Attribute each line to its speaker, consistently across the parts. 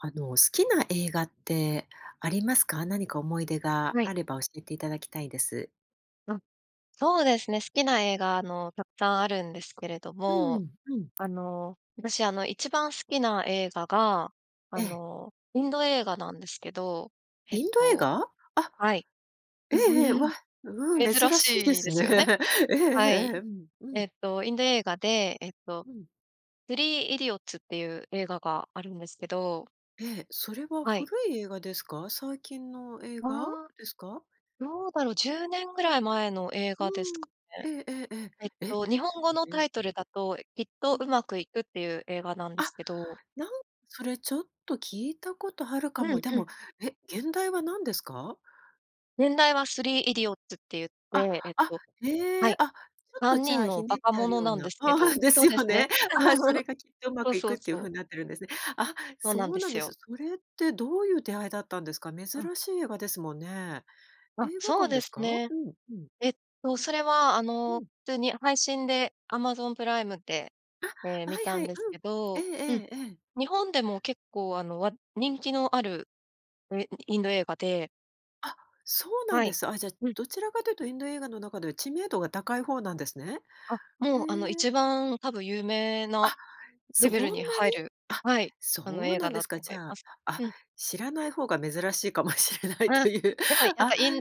Speaker 1: あの、好きな映画ってありますか？何か思い出が
Speaker 2: はい。
Speaker 1: あれば、教えていただきたいです。
Speaker 2: うん。そうですね。好きな映画、あの、たくさんあるんですけれど
Speaker 1: うー
Speaker 2: も、
Speaker 1: ん、うん。
Speaker 2: あの、私あの、一番好きな映画が、
Speaker 1: え
Speaker 2: あ
Speaker 1: え。
Speaker 2: の、インド映画なんですけど。えっ
Speaker 1: インド映
Speaker 2: と
Speaker 1: 画？あ。
Speaker 2: はい。
Speaker 1: ええええ、わ。うん、
Speaker 2: 珍
Speaker 1: 珍しいで
Speaker 2: しい
Speaker 1: す
Speaker 2: です
Speaker 1: ね。
Speaker 2: よね。
Speaker 1: ええええ
Speaker 2: は
Speaker 1: ええ。
Speaker 2: い。
Speaker 1: うん、う
Speaker 2: え
Speaker 1: ん。
Speaker 2: っと、インド映画で、えっと、
Speaker 1: うん。
Speaker 2: スリーイディオッズっていう映画があるんですけど。
Speaker 1: ええ、それは
Speaker 2: はい。
Speaker 1: 古い映画ですか？最近の映
Speaker 2: あ
Speaker 1: 画
Speaker 2: あ、
Speaker 1: ですか？
Speaker 2: どうだろう。10年ぐらい前の映
Speaker 1: う
Speaker 2: 画です
Speaker 1: ん。
Speaker 2: かね。
Speaker 1: ええええ
Speaker 2: えっ
Speaker 1: ええ、え、
Speaker 2: と、日本語の
Speaker 1: え
Speaker 2: タ
Speaker 1: え。
Speaker 2: イトルだと、きっ
Speaker 1: う
Speaker 2: と
Speaker 1: ん。
Speaker 2: うまくいくっていう映画なんで
Speaker 1: あ、
Speaker 2: すけど。
Speaker 1: なんそれちょっと聞いたことあるか
Speaker 2: う
Speaker 1: も。
Speaker 2: ん
Speaker 1: で
Speaker 2: うん。
Speaker 1: も、え、原題は何ですか？
Speaker 2: 原題はスリーイディオッズって言っ
Speaker 1: あ、
Speaker 2: て、えっ
Speaker 1: あ、
Speaker 2: とは
Speaker 1: へえ。
Speaker 2: い。
Speaker 1: あ、ちょっ
Speaker 2: さ
Speaker 1: と
Speaker 2: ん
Speaker 1: じ
Speaker 2: に
Speaker 1: ゃ
Speaker 2: ん
Speaker 1: あ、
Speaker 2: の
Speaker 1: ひね
Speaker 2: 馬
Speaker 1: っ
Speaker 2: 鹿
Speaker 1: てある
Speaker 2: 者
Speaker 1: よう
Speaker 2: なん
Speaker 1: な
Speaker 2: ですけ
Speaker 1: あ
Speaker 2: ど
Speaker 1: あ、で
Speaker 2: そ
Speaker 1: す
Speaker 2: うです
Speaker 1: よ
Speaker 2: ね。
Speaker 1: ね。あ、それ がきっとうま
Speaker 2: そう
Speaker 1: くい
Speaker 2: そ
Speaker 1: く
Speaker 2: う
Speaker 1: っていう
Speaker 2: そ
Speaker 1: ふ
Speaker 2: う。
Speaker 1: うになってるんですね。あ、
Speaker 2: そう
Speaker 1: そ
Speaker 2: なん
Speaker 1: う
Speaker 2: で
Speaker 1: なん
Speaker 2: す
Speaker 1: です。
Speaker 2: よ。
Speaker 1: それって、どういう出会いだったんですか？珍
Speaker 2: うん。
Speaker 1: しい映画ですもんね。
Speaker 2: あ、
Speaker 1: 映画
Speaker 2: そう
Speaker 1: 館
Speaker 2: で
Speaker 1: です
Speaker 2: す
Speaker 1: か？う
Speaker 2: ね。
Speaker 1: ん、うん。
Speaker 2: えっと、それはあ
Speaker 1: う
Speaker 2: の、
Speaker 1: ん。
Speaker 2: 普通に配信で、Amazon プライムで、ええ、
Speaker 1: あ、
Speaker 2: 観
Speaker 1: はい
Speaker 2: た
Speaker 1: は
Speaker 2: ん
Speaker 1: い、
Speaker 2: です
Speaker 1: う
Speaker 2: け
Speaker 1: ん。ええ
Speaker 2: ど、うん。
Speaker 1: ええええ。
Speaker 2: 日本でも結構あの、わ人気のある、え、イインド映画で。
Speaker 1: あ、そうなん
Speaker 2: は
Speaker 1: で
Speaker 2: い。
Speaker 1: す。あ、じゃあ、
Speaker 2: うん。
Speaker 1: どちらかというとインド映画の中では知名度が高い方なんですね。
Speaker 2: あ、
Speaker 1: へ
Speaker 2: もうあの
Speaker 1: え。
Speaker 2: 一番多分有名な
Speaker 1: あ、そ
Speaker 2: レ
Speaker 1: ん
Speaker 2: ベ
Speaker 1: な
Speaker 2: ル
Speaker 1: に？
Speaker 2: に入る
Speaker 1: あ、
Speaker 2: はい、あの
Speaker 1: そう
Speaker 2: 映
Speaker 1: な
Speaker 2: 画
Speaker 1: んで
Speaker 2: だ
Speaker 1: す
Speaker 2: と
Speaker 1: か。
Speaker 2: 思
Speaker 1: じ
Speaker 2: い
Speaker 1: ゃ
Speaker 2: ま
Speaker 1: あ、
Speaker 2: す。
Speaker 1: あ、
Speaker 2: うん。
Speaker 1: 知らない方が珍しいかもしれないと
Speaker 2: あ、
Speaker 1: いう、
Speaker 2: でもやっ
Speaker 1: あ。
Speaker 2: ぱイン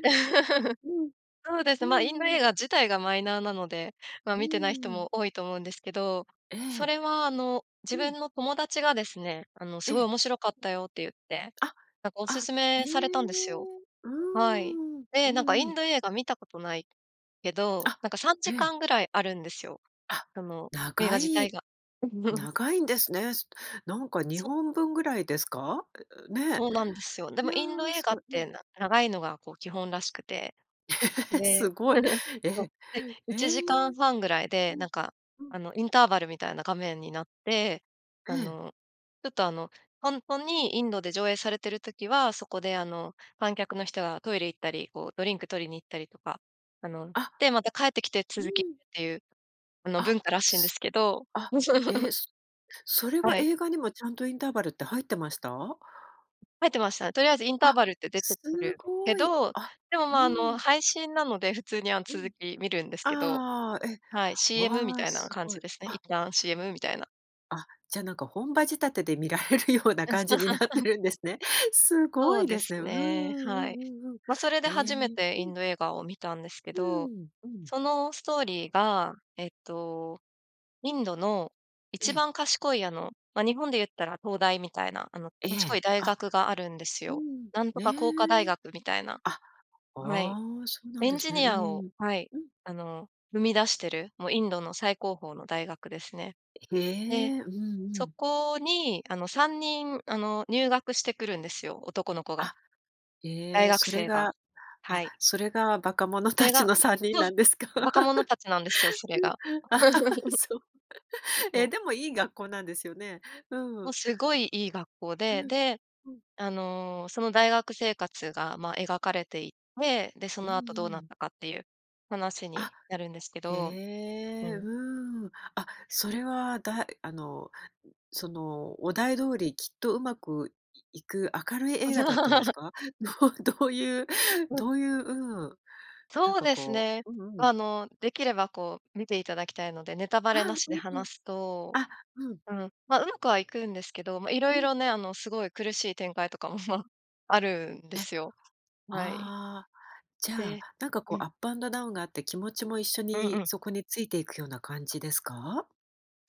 Speaker 1: うん。
Speaker 2: そうです、
Speaker 1: う
Speaker 2: ま、インド
Speaker 1: んう
Speaker 2: 映
Speaker 1: ん。
Speaker 2: 画自体がマイナーなので、ま、
Speaker 1: う
Speaker 2: 見てない人
Speaker 1: ーん。
Speaker 2: も多いと思うんですけど、
Speaker 1: え
Speaker 2: そ
Speaker 1: え。
Speaker 2: れはあの自
Speaker 1: う
Speaker 2: 分
Speaker 1: ん。
Speaker 2: の友達がですね、あの「す
Speaker 1: え
Speaker 2: ごい
Speaker 1: え。
Speaker 2: 面白かったよ」って言って、
Speaker 1: あ、
Speaker 2: なんかお
Speaker 1: あ、
Speaker 2: 勧
Speaker 1: へ
Speaker 2: め
Speaker 1: え、
Speaker 2: されたんですよ。
Speaker 1: うー
Speaker 2: はい。
Speaker 1: ん。
Speaker 2: で、
Speaker 1: う
Speaker 2: なんかイ
Speaker 1: んう
Speaker 2: ン
Speaker 1: ん。
Speaker 2: ド映画見たことないけど、
Speaker 1: あ、
Speaker 2: なんかさん
Speaker 1: え
Speaker 2: じか
Speaker 1: え。
Speaker 2: んぐらいあるんですよ。
Speaker 1: あ、
Speaker 2: その映画
Speaker 1: 長
Speaker 2: 自体
Speaker 1: い
Speaker 2: が。
Speaker 1: 長いんですね。なんかに
Speaker 2: そ。
Speaker 1: ほんぶんぐらいですか？う、ね、
Speaker 2: そうなんですよ。で
Speaker 1: い
Speaker 2: も、
Speaker 1: や、
Speaker 2: インド映
Speaker 1: す
Speaker 2: 画っ
Speaker 1: ごい。う
Speaker 2: て
Speaker 1: ん。
Speaker 2: な長いのがこう基本らしくて、
Speaker 1: え、
Speaker 2: で、
Speaker 1: すごい。
Speaker 2: そう、
Speaker 1: え、
Speaker 2: で、い
Speaker 1: ええ。
Speaker 2: ちじかんはんぐらい
Speaker 1: う
Speaker 2: で、な
Speaker 1: ん。
Speaker 2: んか
Speaker 1: う
Speaker 2: あ
Speaker 1: ん。
Speaker 2: の、インターバルみたいな画面になって、
Speaker 1: え
Speaker 2: あ
Speaker 1: え。
Speaker 2: のちょっとあの、ほんとにインドで上映されてる時は、そこであの観客の人がトイレ行ったり、こうドリンク取りに行ったりとか、あの、
Speaker 1: あ。
Speaker 2: で、また帰ってきて
Speaker 1: うー
Speaker 2: 続きっ
Speaker 1: ん。
Speaker 2: ていう、あの
Speaker 1: あ、
Speaker 2: 文化らしいんです
Speaker 1: す
Speaker 2: けど。
Speaker 1: あ、え、すそれは
Speaker 2: はい。
Speaker 1: 映画にもちゃんとインターバルって入ってました？
Speaker 2: 入ってました。とりあえずインター
Speaker 1: あ、
Speaker 2: バルって出てく
Speaker 1: す
Speaker 2: るけ
Speaker 1: ごい。
Speaker 2: ど、
Speaker 1: あ、
Speaker 2: でも、ま、
Speaker 1: う
Speaker 2: あの
Speaker 1: ん。
Speaker 2: 配信なので、普通にあの
Speaker 1: う
Speaker 2: 続
Speaker 1: ん。
Speaker 2: き見るんですけど。
Speaker 1: ああ、え、
Speaker 2: はい、CM み
Speaker 1: わあ、
Speaker 2: たいな
Speaker 1: す
Speaker 2: 感
Speaker 1: ご
Speaker 2: じ
Speaker 1: い。
Speaker 2: ですね。一
Speaker 1: あ。
Speaker 2: 旦、CM みたいな。
Speaker 1: あ、じゃなんか、本場仕立てで見られるような
Speaker 2: うん。
Speaker 1: 感じになって るんですね。す
Speaker 2: そ
Speaker 1: ご
Speaker 2: う
Speaker 1: い
Speaker 2: で
Speaker 1: で
Speaker 2: す
Speaker 1: すね。うーん
Speaker 2: ね、
Speaker 1: う
Speaker 2: はい。
Speaker 1: んうんうん。
Speaker 2: ま、それで
Speaker 1: へえ、
Speaker 2: 初めて
Speaker 1: う
Speaker 2: イン
Speaker 1: ん。
Speaker 2: ド映画を見たんですけ
Speaker 1: うー
Speaker 2: ど、
Speaker 1: ん、うん。
Speaker 2: そのストーリーが、えっと、インドの、
Speaker 1: え
Speaker 2: 一
Speaker 1: え。
Speaker 2: 番賢いあの、ま、日本で言ったら東大みたいな、あの
Speaker 1: え
Speaker 2: 賢い
Speaker 1: え、
Speaker 2: 大
Speaker 1: あ、
Speaker 2: 学があるんです
Speaker 1: う
Speaker 2: よ。
Speaker 1: ん、
Speaker 2: なんと
Speaker 1: へ
Speaker 2: か工科大
Speaker 1: え。
Speaker 2: 学みたいな。
Speaker 1: あ、
Speaker 2: はい、
Speaker 1: ああ、そうなん
Speaker 2: エン
Speaker 1: です
Speaker 2: ジ
Speaker 1: ね。
Speaker 2: ニ
Speaker 1: う
Speaker 2: アを
Speaker 1: ん。
Speaker 2: はい、
Speaker 1: うん。
Speaker 2: あの生み出してる、もうインドの最高峰の大学ですね。
Speaker 1: へ
Speaker 2: で、
Speaker 1: え、うんう
Speaker 2: そ
Speaker 1: ん。
Speaker 2: こに、あの3人あの入学してくるんですよ、男の子が。
Speaker 1: あ、え
Speaker 2: 大
Speaker 1: え、
Speaker 2: 学
Speaker 1: それ
Speaker 2: 生が。
Speaker 1: が
Speaker 2: は
Speaker 1: あ、
Speaker 2: い。
Speaker 1: それが馬鹿者
Speaker 2: それ
Speaker 1: たち
Speaker 2: が
Speaker 1: の3人
Speaker 2: そう、
Speaker 1: なんですか？
Speaker 2: 馬鹿者たちなんですよ、それ
Speaker 1: うん。
Speaker 2: が。
Speaker 1: そう。
Speaker 2: そ
Speaker 1: え、
Speaker 2: う。
Speaker 1: でもいい学校なんですよね。う
Speaker 2: も
Speaker 1: ん。
Speaker 2: うすごい、いい学校
Speaker 1: う
Speaker 2: で、
Speaker 1: ん、
Speaker 2: で、
Speaker 1: うん。
Speaker 2: あのその大学生活が、ま、描かれていて、で、そ
Speaker 1: うん
Speaker 2: の後どう
Speaker 1: う
Speaker 2: なっ
Speaker 1: ん。
Speaker 2: たかっていう話
Speaker 1: あ、
Speaker 2: になるんですけ
Speaker 1: へ
Speaker 2: ど、う
Speaker 1: え、う
Speaker 2: ん。
Speaker 1: ーん。あ、それはだいあのその、お題通り、きっとうまくいく明るい映画だったんです か？どうどういう
Speaker 2: う。
Speaker 1: どういう、うん、なん
Speaker 2: そう
Speaker 1: か
Speaker 2: です
Speaker 1: こ
Speaker 2: ね。
Speaker 1: ううんうん。
Speaker 2: ま、あのできればこう、見ていただきたいので、ネタバ
Speaker 1: あ
Speaker 2: レな
Speaker 1: あ、
Speaker 2: し
Speaker 1: う
Speaker 2: で
Speaker 1: んうん。
Speaker 2: 話すと、
Speaker 1: あ、うん。
Speaker 2: うん、ま、上手くはいくんですけど、ま、色
Speaker 1: うん。
Speaker 2: 々ね、あのすごい苦しい展開とかも、ま、あるんで
Speaker 1: え。
Speaker 2: すよ。はい。
Speaker 1: ああ、じゃあ、
Speaker 2: で
Speaker 1: なんか
Speaker 2: う
Speaker 1: こう、
Speaker 2: ん。
Speaker 1: アップアンドダウンがあって、気持ちも一緒
Speaker 2: うんう
Speaker 1: に
Speaker 2: ん。
Speaker 1: そこについていくような感じですか？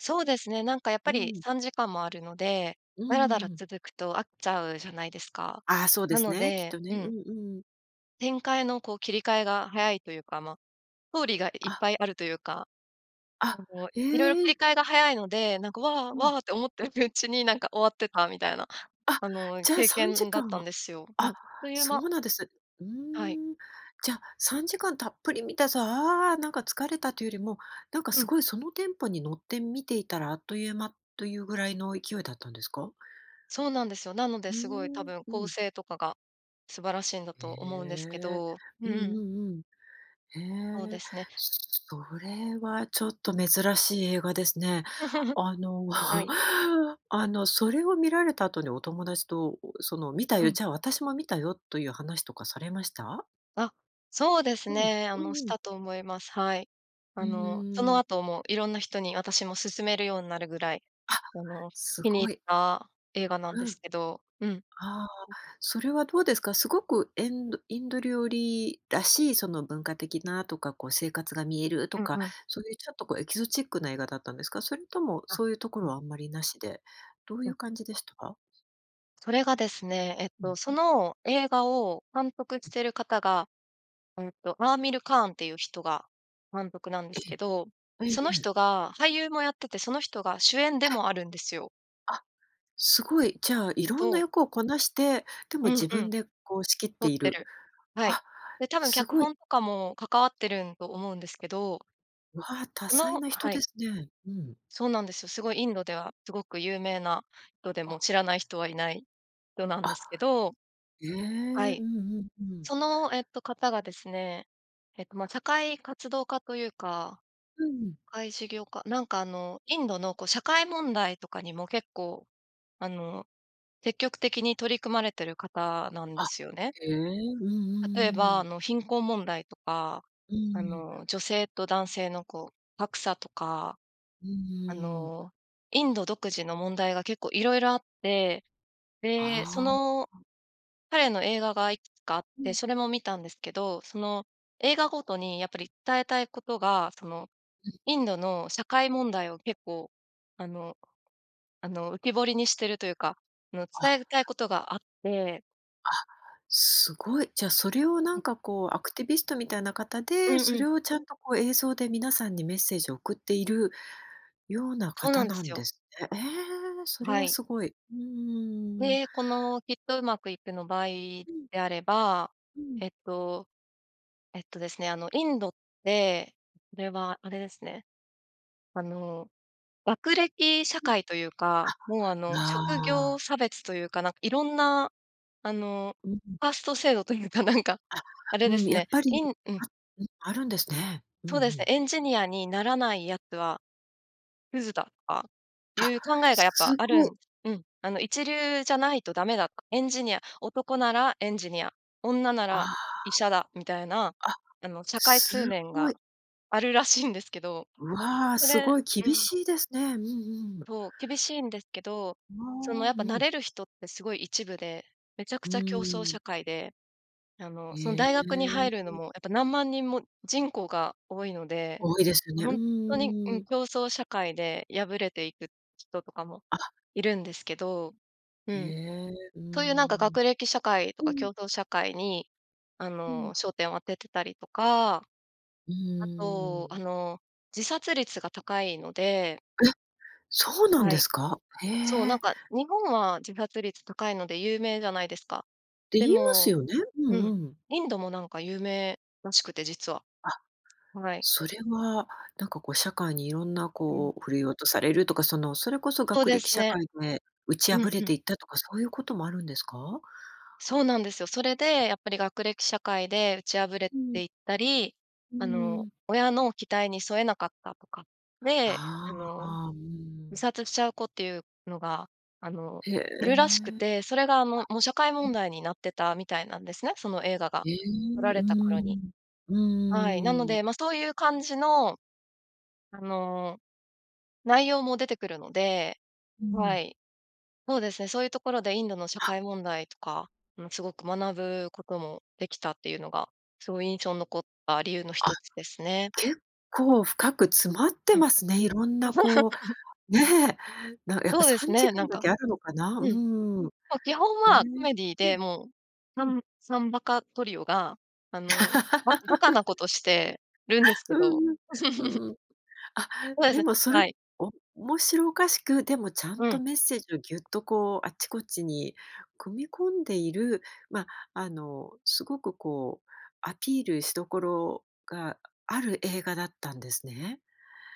Speaker 2: そうですね、なんかやっ
Speaker 1: う
Speaker 2: ぱり
Speaker 1: ん。
Speaker 2: 3時間もあるので、
Speaker 1: う
Speaker 2: ダラダラ
Speaker 1: ーん。
Speaker 2: 続くと飽きちゃうじゃないですか。
Speaker 1: あ、そうで
Speaker 2: な
Speaker 1: す
Speaker 2: の
Speaker 1: ね、きっ
Speaker 2: で
Speaker 1: とね。
Speaker 2: う
Speaker 1: う
Speaker 2: ん。
Speaker 1: んうん。
Speaker 2: 展開のこう、切り替えが早いというか、まあ、ストーリーがいっ
Speaker 1: あ。
Speaker 2: ぱいあるというか。
Speaker 1: あ、
Speaker 2: あの、色々
Speaker 1: え
Speaker 2: 切り
Speaker 1: え。
Speaker 2: 替えが早いので、なんか「わあ、
Speaker 1: う
Speaker 2: わ
Speaker 1: ん。
Speaker 2: あ」って思ってるうちに、なんか終わってたみたいな、
Speaker 1: あ、
Speaker 2: あの
Speaker 1: じゃあ
Speaker 2: 経
Speaker 1: さんじ
Speaker 2: 験だ
Speaker 1: か
Speaker 2: っ
Speaker 1: ん
Speaker 2: たん
Speaker 1: は
Speaker 2: ですよ。うん、
Speaker 1: あ、
Speaker 2: あっという
Speaker 1: そ
Speaker 2: 間
Speaker 1: うなんです。うー
Speaker 2: はい。
Speaker 1: ん。じゃ、3時間たっぷり観たさ、ああ、なんか疲れたというよりも、なんか
Speaker 2: う
Speaker 1: す
Speaker 2: ん。
Speaker 1: ごいそのテンポに乗って観ていたらあっという間、というぐらいの勢いだったんですか？
Speaker 2: そうなんですよ。なので
Speaker 1: うー
Speaker 2: すごい、多
Speaker 1: ん、
Speaker 2: 分
Speaker 1: う
Speaker 2: 構
Speaker 1: ん。
Speaker 2: 成とかが素晴らしいんだ
Speaker 1: へ
Speaker 2: と思うんですけ
Speaker 1: え、
Speaker 2: ど、
Speaker 1: うん
Speaker 2: うん。
Speaker 1: うんうん。
Speaker 2: そう
Speaker 1: へ
Speaker 2: で
Speaker 1: え、
Speaker 2: すね。
Speaker 1: それはちょっと珍しい映画ですね。あの、
Speaker 2: はい。
Speaker 1: あの、それを観られた後にお友達と、その、「観た
Speaker 2: う
Speaker 1: よ」、
Speaker 2: ん。
Speaker 1: 「じゃあ私も観たよ」という話とかされました？
Speaker 2: あ、そうです
Speaker 1: うん、
Speaker 2: ね。あ
Speaker 1: うん
Speaker 2: の、し
Speaker 1: うん。
Speaker 2: たと思います。はい。あ
Speaker 1: う
Speaker 2: の、そ
Speaker 1: ー
Speaker 2: の
Speaker 1: ん。
Speaker 2: 後も、色んな人にあたしも勧めるようになるぐらい、
Speaker 1: あ、
Speaker 2: あの、
Speaker 1: す
Speaker 2: 気に入
Speaker 1: ご
Speaker 2: っ
Speaker 1: い。
Speaker 2: た映画なんで
Speaker 1: う
Speaker 2: す
Speaker 1: ん。
Speaker 2: けど、うん。
Speaker 1: ああ、それはどうですか？すごくえんどインド料理らしい、その文化的なとか、こう生活が見えると
Speaker 2: うん
Speaker 1: か、
Speaker 2: うん。
Speaker 1: そういうちょっとこう、エキゾチックな映画だったんですか？それとも、
Speaker 2: あ、
Speaker 1: そういうとこ
Speaker 2: う
Speaker 1: ろ
Speaker 2: ん。
Speaker 1: はあんまり無しで、どう
Speaker 2: う
Speaker 1: い
Speaker 2: ん。
Speaker 1: う感じでした？
Speaker 2: それがですね、えっ
Speaker 1: うん。
Speaker 2: と、そ
Speaker 1: ふ。
Speaker 2: の映画を監督
Speaker 1: え。
Speaker 2: してる方が、うんと、アーミルカーンっていう人が監督なんで
Speaker 1: え
Speaker 2: す
Speaker 1: え。
Speaker 2: けど、
Speaker 1: えええ
Speaker 2: その
Speaker 1: え。
Speaker 2: 人が俳優もやってて、その人が主演でもあるんですよ。
Speaker 1: あ、すごい、じゃあ色んな
Speaker 2: と。
Speaker 1: 役をこなして、でも
Speaker 2: うん
Speaker 1: 自
Speaker 2: うん。
Speaker 1: 分でこう仕切っ
Speaker 2: 撮
Speaker 1: て
Speaker 2: っ
Speaker 1: い
Speaker 2: て
Speaker 1: る。
Speaker 2: る。はい。
Speaker 1: あ、
Speaker 2: で、多分
Speaker 1: す
Speaker 2: 脚
Speaker 1: ごい。
Speaker 2: 本とかも関わってるんと思うんですけど。
Speaker 1: わあ、多彩
Speaker 2: の
Speaker 1: な人
Speaker 2: はい。
Speaker 1: ですね。うん。
Speaker 2: そうなんですよ。すごいインドではすごく有名な人で、も
Speaker 1: あ。
Speaker 2: う知らない人はいない人なん
Speaker 1: あ。
Speaker 2: ですけど。
Speaker 1: ええ、
Speaker 2: は
Speaker 1: うん
Speaker 2: い。
Speaker 1: うんうん。
Speaker 2: その、えっと方がですね、えっと、ま、社会活動家というか、
Speaker 1: うん。
Speaker 2: 社会事業家なんかあの、インドのこう社会問題とかにも結構、あの、積極的に取り組まれてる方なんで
Speaker 1: あ、
Speaker 2: すよね。
Speaker 1: へえ、うんう
Speaker 2: 例え
Speaker 1: ん
Speaker 2: ば、
Speaker 1: う
Speaker 2: あ
Speaker 1: ん。
Speaker 2: の貧困問題とか、
Speaker 1: う
Speaker 2: あ
Speaker 1: ん。
Speaker 2: の、女性と男性のこう、格差とか。
Speaker 1: うん、う
Speaker 2: あ
Speaker 1: ーん。
Speaker 2: の、インド独自の問題が結構色々あって。で、そ
Speaker 1: ああ。あ
Speaker 2: の、
Speaker 1: あ。
Speaker 2: 彼の映画がいくつかあっ
Speaker 1: う
Speaker 2: て、
Speaker 1: ん。
Speaker 2: それも見たんですけど、その、映画ごとにやっぱり伝えたいことが、その、
Speaker 1: うん。
Speaker 2: インドの社会問題を結構、あの、あの、浮き彫りにしてるというか、あの、
Speaker 1: あ。
Speaker 2: 伝えたいことがあって。
Speaker 1: あ、すごい。じゃそれをな
Speaker 2: う
Speaker 1: ん
Speaker 2: ん。
Speaker 1: かこうアクティビストみたいな方
Speaker 2: うん
Speaker 1: で、そ
Speaker 2: うん。
Speaker 1: れをちゃんとこう映像で皆さんにメッセージを送っているような
Speaker 2: そうな
Speaker 1: 方
Speaker 2: んで
Speaker 1: な
Speaker 2: す
Speaker 1: ん
Speaker 2: よ。
Speaker 1: ですね。ええ、そ
Speaker 2: あ、
Speaker 1: れ
Speaker 2: は
Speaker 1: は
Speaker 2: い。
Speaker 1: すごい。うーん。
Speaker 2: で、このきっとうまくいくの場合
Speaker 1: うん。
Speaker 2: であれば、
Speaker 1: うん。
Speaker 2: えっと、えっとですね、あのインドって、これはあれですね。あの、学歴社
Speaker 1: うん。
Speaker 2: 会というか、もうあの、
Speaker 1: あ、
Speaker 2: 職業
Speaker 1: ああ。
Speaker 2: 差別というか、なん色んな、あの、
Speaker 1: うん。
Speaker 2: カースト制度というかなんか、
Speaker 1: あ、
Speaker 2: あれで
Speaker 1: うん、
Speaker 2: す
Speaker 1: や
Speaker 2: ね、
Speaker 1: っぱ
Speaker 2: イ
Speaker 1: り、
Speaker 2: ンうん。
Speaker 1: あ、うん、あるんですね。うんう
Speaker 2: そうですね、
Speaker 1: ん。
Speaker 2: エンジニアにならないやつは、クズだとか、い
Speaker 1: あ、
Speaker 2: う考えがやっ
Speaker 1: す
Speaker 2: ぱ
Speaker 1: す
Speaker 2: ある
Speaker 1: ごい。
Speaker 2: んうん。あの、一流じゃないと駄目だと。エンジニア男ならエンジニア、女な
Speaker 1: あ
Speaker 2: ら医
Speaker 1: あ。
Speaker 2: 者だみたいな、
Speaker 1: あ、
Speaker 2: あの、社会通
Speaker 1: す
Speaker 2: 念
Speaker 1: ご
Speaker 2: が、
Speaker 1: い。
Speaker 2: あるらしいんですけど、
Speaker 1: うわあ、
Speaker 2: そ
Speaker 1: す
Speaker 2: れ
Speaker 1: ごい
Speaker 2: う
Speaker 1: 厳
Speaker 2: ん。
Speaker 1: しいですね。うんうん。
Speaker 2: そう、厳しいんですけど、
Speaker 1: あ
Speaker 2: その、や
Speaker 1: あ、
Speaker 2: っ
Speaker 1: う
Speaker 2: ぱ成
Speaker 1: ん。
Speaker 2: れる人ってすごい一部で、めちゃく
Speaker 1: うー
Speaker 2: ちゃ競争
Speaker 1: ん。
Speaker 2: 社会で、あの、その、
Speaker 1: え
Speaker 2: 大学に入るの
Speaker 1: え。
Speaker 2: もやっぱ何万人も人口が多いので、
Speaker 1: 多いですよね。う
Speaker 2: ほんとに、うん、
Speaker 1: ーん。
Speaker 2: 競争社会で敗れていく人とかも
Speaker 1: あ。
Speaker 2: いるんですけど、う
Speaker 1: へ
Speaker 2: ん。
Speaker 1: え、うー
Speaker 2: そういうなんか
Speaker 1: ん。
Speaker 2: 学歴社会と
Speaker 1: う
Speaker 2: か競
Speaker 1: ん。
Speaker 2: 争社会にあ
Speaker 1: うん。
Speaker 2: の、焦点を当ててたりとか、
Speaker 1: う
Speaker 2: あ
Speaker 1: ー
Speaker 2: とあ
Speaker 1: ん。
Speaker 2: の、自殺率が高いので
Speaker 1: え、そうなん
Speaker 2: は
Speaker 1: で
Speaker 2: い。
Speaker 1: すか？へ
Speaker 2: そう、なん
Speaker 1: え。
Speaker 2: か日本は自殺率高いので有名じゃないですか。
Speaker 1: て
Speaker 2: で
Speaker 1: 言います
Speaker 2: も、
Speaker 1: よね。う
Speaker 2: うん、
Speaker 1: んうん。
Speaker 2: インドもなんか有名らしくて、実は。
Speaker 1: あ、
Speaker 2: はい。
Speaker 1: それは、なんかこう社会にいろんな
Speaker 2: うん。
Speaker 1: こう振るい落とされるとか、そのそれこそ
Speaker 2: そう
Speaker 1: 学
Speaker 2: で
Speaker 1: 歴
Speaker 2: す
Speaker 1: 社
Speaker 2: ね。
Speaker 1: 会で打ち
Speaker 2: うん
Speaker 1: 破れ
Speaker 2: うん。
Speaker 1: ていったとか、そういうこともあるんですか？
Speaker 2: そうなんですよ。それで、やっぱり学歴社会で打ち破れ
Speaker 1: うん。
Speaker 2: ていったり、
Speaker 1: う
Speaker 2: あの、
Speaker 1: ん。
Speaker 2: 親の期待に添えなかったとか、で、
Speaker 1: あ
Speaker 2: あの、
Speaker 1: あ、う
Speaker 2: 自
Speaker 1: ん。
Speaker 2: 殺しちゃう子っていうのが、あの、
Speaker 1: へえ。
Speaker 2: い
Speaker 1: あ、
Speaker 2: るらしくて、それがあの、もう社会
Speaker 1: う
Speaker 2: 問
Speaker 1: ん。
Speaker 2: 題になってたみたいなんですね、その映画が
Speaker 1: ええ、
Speaker 2: 撮ら
Speaker 1: うー
Speaker 2: れた頃に。
Speaker 1: ん、う
Speaker 2: はい、なの
Speaker 1: ーん。
Speaker 2: で、ま、そういう感じの、あの、内容も出てくるので。
Speaker 1: うん。
Speaker 2: はい。そうですね、そういうところでインドの社
Speaker 1: あ。
Speaker 2: 会問題とか、もすごく学ぶこともできたっていうのが、すごい印象残った理由のひ
Speaker 1: あ、
Speaker 2: とつですね。
Speaker 1: 結構深く詰まって
Speaker 2: うん。
Speaker 1: ますね、色んなこう、ね、なんかやっぱ
Speaker 2: そうで
Speaker 1: さ
Speaker 2: す
Speaker 1: んじ
Speaker 2: ね、
Speaker 1: か
Speaker 2: な
Speaker 1: ん
Speaker 2: ん
Speaker 1: だ
Speaker 2: か。
Speaker 1: けあるのかな。う
Speaker 2: うん。も
Speaker 1: ーん。
Speaker 2: う基本
Speaker 1: へえ。
Speaker 2: はコメディー
Speaker 1: ふ
Speaker 2: で。
Speaker 1: ん、
Speaker 2: もう、
Speaker 1: ふ
Speaker 2: さ
Speaker 1: ん。
Speaker 2: ん3バカトリオが、あの、ば馬鹿なことしてるんですけ
Speaker 1: う
Speaker 2: ど。
Speaker 1: んうん。う んうん。あ、
Speaker 2: そうで
Speaker 1: で
Speaker 2: す、
Speaker 1: もそれ、
Speaker 2: はい。
Speaker 1: 面白おかしく、でもちゃん
Speaker 2: う
Speaker 1: と
Speaker 2: ん。
Speaker 1: メッセージをぎゅっとこう、あっちこっちに組み込んでいる、まあ、あのすごく、こうアピールしどころがある映画だったんですね。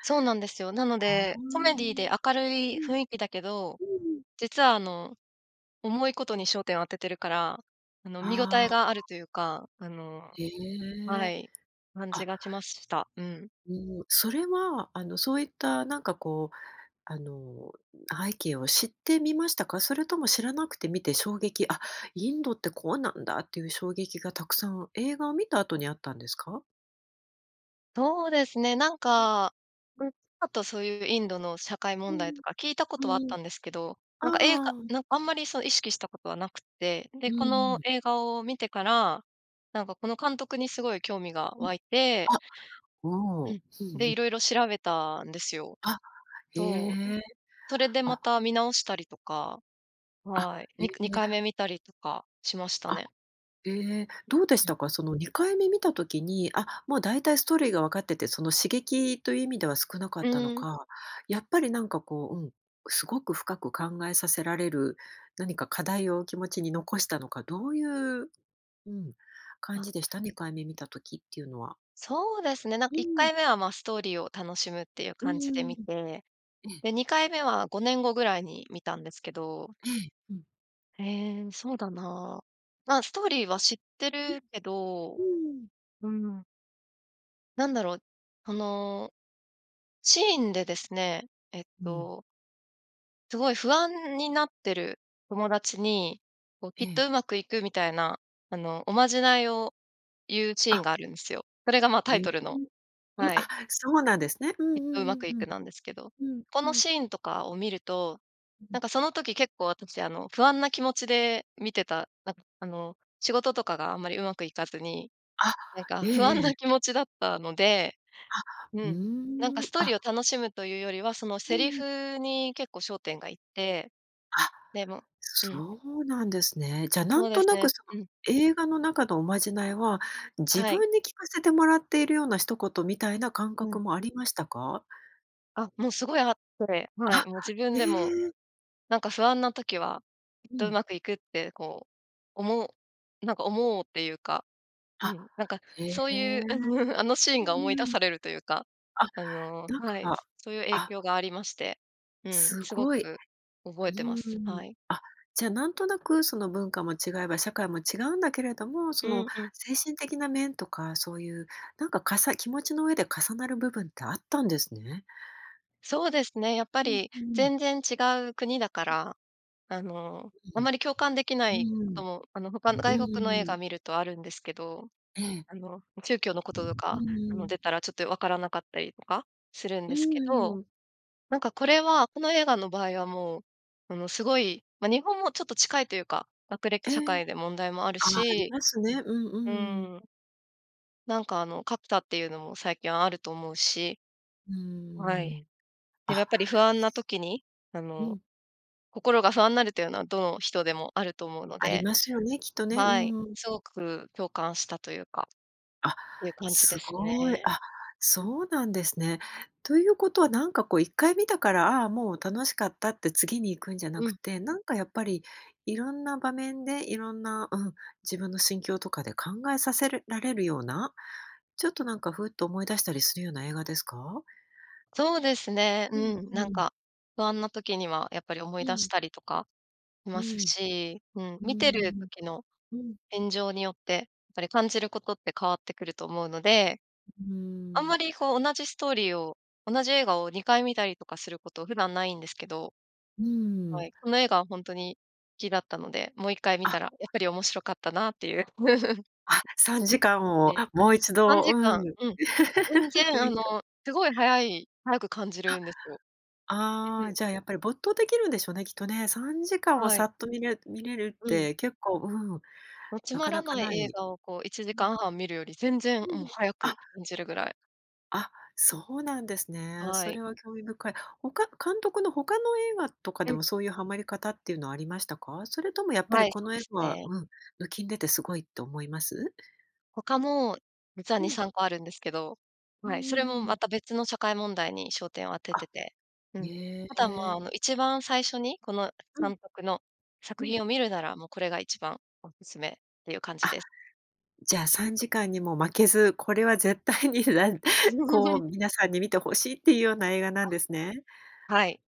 Speaker 2: そうなんですよ。なの
Speaker 1: ああ。
Speaker 2: で、
Speaker 1: う
Speaker 2: コメディーで
Speaker 1: ん。
Speaker 2: 明る
Speaker 1: う
Speaker 2: い
Speaker 1: ん
Speaker 2: 雰囲気だけど、
Speaker 1: うん。
Speaker 2: 実はあの、重いことに焦点を当ててるから、あの、見応
Speaker 1: あ
Speaker 2: えがあ
Speaker 1: あ。
Speaker 2: るというか、あの
Speaker 1: へ
Speaker 2: は
Speaker 1: え。
Speaker 2: い。感じ
Speaker 1: あ。
Speaker 2: がしました。うん。
Speaker 1: もう、それはあのそういったなんかこう、あの、背景を知って見ましたか？それとも知らなくて見て衝撃あ、インドってこうなんだっていう衝撃がたくさん、映画を見た後にあったんですか？
Speaker 2: そうですね、なん
Speaker 1: うん。
Speaker 2: か、
Speaker 1: う
Speaker 2: う
Speaker 1: ん。
Speaker 2: ん。あとそういうインドの社会
Speaker 1: う
Speaker 2: 問題
Speaker 1: ん。
Speaker 2: とか、聞いたことはあっ
Speaker 1: うん。
Speaker 2: たんですけど。
Speaker 1: あ
Speaker 2: なんか映画
Speaker 1: あああ。
Speaker 2: なんかあんまりそう意識したことはなくって。
Speaker 1: う
Speaker 2: で、
Speaker 1: ん
Speaker 2: こ
Speaker 1: う
Speaker 2: の
Speaker 1: ん。
Speaker 2: 映画を見てから、なんかこの監督にすごい興味が
Speaker 1: うん。
Speaker 2: 湧いて
Speaker 1: あ、お
Speaker 2: う
Speaker 1: お。
Speaker 2: ん。
Speaker 1: うん
Speaker 2: で、
Speaker 1: うん。
Speaker 2: 色々調べたんですよ。
Speaker 1: あ、へ
Speaker 2: そう、ん、
Speaker 1: え。
Speaker 2: それでま
Speaker 1: あ。
Speaker 2: た見直したりとか、
Speaker 1: あ、
Speaker 2: はい、
Speaker 1: へえ。
Speaker 2: に2回目見たりとかしました
Speaker 1: あ、
Speaker 2: ね。
Speaker 1: ええ、どうでし
Speaker 2: うん。
Speaker 1: たか？その、2回目見た時に、あ、もうだいたいストーリーが分かってて、その刺激という意味では少なか
Speaker 2: う
Speaker 1: ったの
Speaker 2: ーん。
Speaker 1: か。やっぱりなんかこう、うん、すごく深く考えさせられる、何か課題を気持ちに残したのか、どういう、うん、感
Speaker 2: あ。
Speaker 1: じでした？2回目見た時っていうのは。
Speaker 2: そうですね、なんか
Speaker 1: う
Speaker 2: いっか
Speaker 1: ん。
Speaker 2: いめは、まあ、ストーリーを楽しむっていう
Speaker 1: う
Speaker 2: 感じ
Speaker 1: ー
Speaker 2: で見
Speaker 1: ん。
Speaker 2: て。
Speaker 1: ええ。
Speaker 2: で、2回目は5年後ぐらいに見たんですけど
Speaker 1: ええ、うん。
Speaker 2: ええ、そうだなあ。まあ、ストーリーは知って
Speaker 1: うん。
Speaker 2: るけど、
Speaker 1: うーん。
Speaker 2: うーん。なんだろう、その、シーンでですね、えっ
Speaker 1: うん。
Speaker 2: とすごい不安になってる友達に、こう、き
Speaker 1: え
Speaker 2: っ
Speaker 1: え。
Speaker 2: とうまくいくみたいな、あの、おまじないを言うシーン
Speaker 1: あ。
Speaker 2: があるんですよ。それがまタ
Speaker 1: へ
Speaker 2: イ
Speaker 1: え、
Speaker 2: トルの
Speaker 1: うん、
Speaker 2: はい。
Speaker 1: あ、そうなんですね。う
Speaker 2: きっ
Speaker 1: んう
Speaker 2: と、うま
Speaker 1: ん
Speaker 2: くい
Speaker 1: うんうん。
Speaker 2: く、なんですけど。
Speaker 1: うん
Speaker 2: こ
Speaker 1: う
Speaker 2: の
Speaker 1: ん。
Speaker 2: シーンとかを見ると、
Speaker 1: う
Speaker 2: なん
Speaker 1: ん。
Speaker 2: かその時結構、私あの、不安な気持ちで見てた。なんかあの、仕事とかがあんまり上手くいかずに、
Speaker 1: あ、
Speaker 2: なんか
Speaker 1: ええ
Speaker 2: 不安
Speaker 1: え
Speaker 2: な
Speaker 1: え。
Speaker 2: 気持ちだったので、
Speaker 1: あ、
Speaker 2: う
Speaker 1: う
Speaker 2: ん。なんか
Speaker 1: ー
Speaker 2: ス
Speaker 1: ん、
Speaker 2: トーリ
Speaker 1: あ。
Speaker 2: ーを楽しむというよりは、その
Speaker 1: う
Speaker 2: セ
Speaker 1: ん
Speaker 2: リ
Speaker 1: うん。
Speaker 2: フに、結構焦点がいって、
Speaker 1: あ、
Speaker 2: でもうん。
Speaker 1: そうなんですね。じゃ
Speaker 2: そ
Speaker 1: 何
Speaker 2: うで
Speaker 1: と
Speaker 2: す
Speaker 1: なく
Speaker 2: ね。
Speaker 1: その、
Speaker 2: うん。
Speaker 1: 映画の中のおまじないは、自
Speaker 2: はい。
Speaker 1: 分に聞かせてもらっているような一言みたいな感
Speaker 2: う
Speaker 1: 覚
Speaker 2: ん。
Speaker 1: もありましたか？
Speaker 2: あ、もうすごいあって、は
Speaker 1: あっ、
Speaker 2: い、もう自分でも、
Speaker 1: え！
Speaker 2: なんか不安な時は、きっ
Speaker 1: う
Speaker 2: とう
Speaker 1: ん。
Speaker 2: まくいくってこう、思なんか思おうっていうか、う
Speaker 1: あ、
Speaker 2: ん、なんか
Speaker 1: へ
Speaker 2: そうい
Speaker 1: え。
Speaker 2: う、あのあのシー
Speaker 1: う
Speaker 2: ンが思い出
Speaker 1: ーん。
Speaker 2: されるというか、
Speaker 1: あ、
Speaker 2: あの
Speaker 1: なん
Speaker 2: はい、
Speaker 1: か
Speaker 2: そういう影
Speaker 1: あ。
Speaker 2: 響がありまして、うん、
Speaker 1: す
Speaker 2: すご
Speaker 1: ごい。
Speaker 2: く覚
Speaker 1: う
Speaker 2: えて
Speaker 1: ー
Speaker 2: ます。
Speaker 1: ん。
Speaker 2: はい。
Speaker 1: あ、じゃあ、なんとなくその文化も違えば、社会も違うんだけれども、
Speaker 2: う
Speaker 1: その
Speaker 2: んうん。
Speaker 1: 精神的な面とか、そういうなんか、かさ気持ちの上で重なる部分ってあったんですね。
Speaker 2: そうですね、やっぱ
Speaker 1: うん
Speaker 2: り
Speaker 1: うん。
Speaker 2: 全然違う国だか
Speaker 1: うん。
Speaker 2: ら、あの、
Speaker 1: う
Speaker 2: あま
Speaker 1: ん。
Speaker 2: り共感できな
Speaker 1: う
Speaker 2: い
Speaker 1: ー
Speaker 2: こと
Speaker 1: ん、
Speaker 2: も、あの、他の
Speaker 1: う
Speaker 2: 外国の映
Speaker 1: ーん。
Speaker 2: 画観るとあるんですけど。
Speaker 1: ええ。
Speaker 2: あの、宗教のこ
Speaker 1: う
Speaker 2: とと
Speaker 1: う
Speaker 2: か、あ
Speaker 1: ー
Speaker 2: の、出
Speaker 1: ん。
Speaker 2: たらちょっと分からなかったりとかするん
Speaker 1: う
Speaker 2: です
Speaker 1: ん
Speaker 2: け
Speaker 1: うん
Speaker 2: ど。
Speaker 1: うん。
Speaker 2: なんかこれは、この映画の場合はもう、あの、すごい、ま、日本もちょっと近いというか、学歴
Speaker 1: え
Speaker 2: 社
Speaker 1: え。
Speaker 2: 会で問題もある
Speaker 1: あ、あり
Speaker 2: し
Speaker 1: ますね。う
Speaker 2: う
Speaker 1: ん、うーん。
Speaker 2: ーん。なんかあの、格差っていうのも最近あると思うし。
Speaker 1: うー
Speaker 2: はい、
Speaker 1: ん、
Speaker 2: でも、や
Speaker 1: あ
Speaker 2: っぱり不安な時にあ
Speaker 1: う
Speaker 2: の、
Speaker 1: ん。
Speaker 2: 心が不安なるというのは、どの人でもあると思うの
Speaker 1: あり
Speaker 2: で。
Speaker 1: ますよね、きっとね、う
Speaker 2: はい、
Speaker 1: ーん。
Speaker 2: すごく共感したというか、
Speaker 1: あ、
Speaker 2: ていう感じで
Speaker 1: す
Speaker 2: す
Speaker 1: ごい。
Speaker 2: ね。
Speaker 1: あ、そうなんですね。ということはなんかこう一回観たから、ああ、もう楽しかったって、次に行くんじゃな
Speaker 2: う
Speaker 1: く
Speaker 2: ん。
Speaker 1: て、なんか、やっぱりいろんな場面で、いろんな、うん、自分の心境とかで考えさせらるれるような？ちょっとなんか、フッと思い出したりするような映画ですか？
Speaker 2: そうですね。
Speaker 1: うん、
Speaker 2: うん、
Speaker 1: う
Speaker 2: なん
Speaker 1: ん。
Speaker 2: か、不安な時にはやっぱり思い
Speaker 1: う
Speaker 2: 出し
Speaker 1: ん。
Speaker 2: たりとかい
Speaker 1: う
Speaker 2: ます
Speaker 1: ん。
Speaker 2: し。うん、
Speaker 1: うー
Speaker 2: 観てる
Speaker 1: ん。
Speaker 2: 時の
Speaker 1: うん。
Speaker 2: 現状によって、ぱり感じることって変わってくると思うので。
Speaker 1: うー
Speaker 2: あんま
Speaker 1: ん。
Speaker 2: りこう、同じストーリーを、同じ映画を2回観たりとかすること、普段ないんですけど
Speaker 1: うー
Speaker 2: は
Speaker 1: ん。
Speaker 2: い、この映画はほんとに、きだったので、もう一回観
Speaker 1: あ。
Speaker 2: たら、やっぱり面白かったなっていう。
Speaker 1: あ、3時間
Speaker 2: 感
Speaker 1: を
Speaker 2: じ。
Speaker 1: もう一
Speaker 2: さん
Speaker 1: 度
Speaker 2: じ
Speaker 1: う
Speaker 2: か
Speaker 1: ん、
Speaker 2: ん
Speaker 1: 観
Speaker 2: うん。全然あの、
Speaker 1: た
Speaker 2: すごい早い、早く感じ
Speaker 1: あ。
Speaker 2: るんですよ。う
Speaker 1: あ
Speaker 2: ん。
Speaker 1: あ、じゃあ、やっぱり没頭できるんでしょうね、きっとね。3時間は
Speaker 2: は
Speaker 1: さ
Speaker 2: い。
Speaker 1: っと観れ観れるっ
Speaker 2: うん。
Speaker 1: て、結構、うん、
Speaker 2: ま、つ
Speaker 1: な
Speaker 2: ま
Speaker 1: か
Speaker 2: ら
Speaker 1: なか
Speaker 2: ない
Speaker 1: な
Speaker 2: 映
Speaker 1: い。
Speaker 2: 画をこう、いちじ
Speaker 1: う
Speaker 2: か
Speaker 1: ん。
Speaker 2: んはん観るより、全然もう、早
Speaker 1: あ。
Speaker 2: く感じるぐらい。
Speaker 1: あ、そうなんですね。
Speaker 2: は
Speaker 1: そ
Speaker 2: い。
Speaker 1: れは興味深い。ほか監督の他の映画とか
Speaker 2: う
Speaker 1: で
Speaker 2: ん。
Speaker 1: も、そういうハマり方っていうのはありましたか？それともやっぱ
Speaker 2: は
Speaker 1: り
Speaker 2: い、
Speaker 1: こ
Speaker 2: そう
Speaker 1: の映
Speaker 2: です
Speaker 1: 画は
Speaker 2: ね。
Speaker 1: うん、抜きん出てすごいと思います？
Speaker 2: 他も実は
Speaker 1: う
Speaker 2: に
Speaker 1: ん。
Speaker 2: さんこあるんですけど、
Speaker 1: うん
Speaker 2: は
Speaker 1: う
Speaker 2: い。それ
Speaker 1: んう
Speaker 2: も
Speaker 1: んう
Speaker 2: ま
Speaker 1: ん。
Speaker 2: た別の社会問題に焦点を当て
Speaker 1: あ、
Speaker 2: てて、うん。
Speaker 1: へ
Speaker 2: あとはまあ、
Speaker 1: え。
Speaker 2: あの、一番最初にこの
Speaker 1: うん。
Speaker 2: 監督の
Speaker 1: う
Speaker 2: 作
Speaker 1: ん。
Speaker 2: 品を観るなら、もうこれが一番お勧めっていう感じ
Speaker 1: あ、
Speaker 2: です。
Speaker 1: じゃあ、3時間にも負けず、これは絶対にらんこう 皆さんに観て欲しいっていうような映画なんですね。
Speaker 2: あ、はい。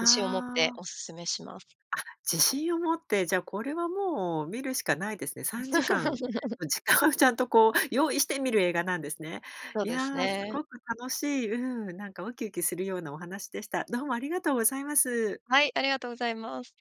Speaker 2: 自信を持って
Speaker 1: あ。
Speaker 2: お勧めします。
Speaker 1: あ、自信を持って、じゃあ、これはもう観るしかないですね。3時間 の時間をちゃんとこう、用意して観る映画なんですね。
Speaker 2: そう
Speaker 1: い
Speaker 2: です
Speaker 1: や、す
Speaker 2: ね。
Speaker 1: ごく楽しい、うん、なんかウキウキするようなお話でした。どうもありがとうございます。
Speaker 2: はい、ありがとうございます。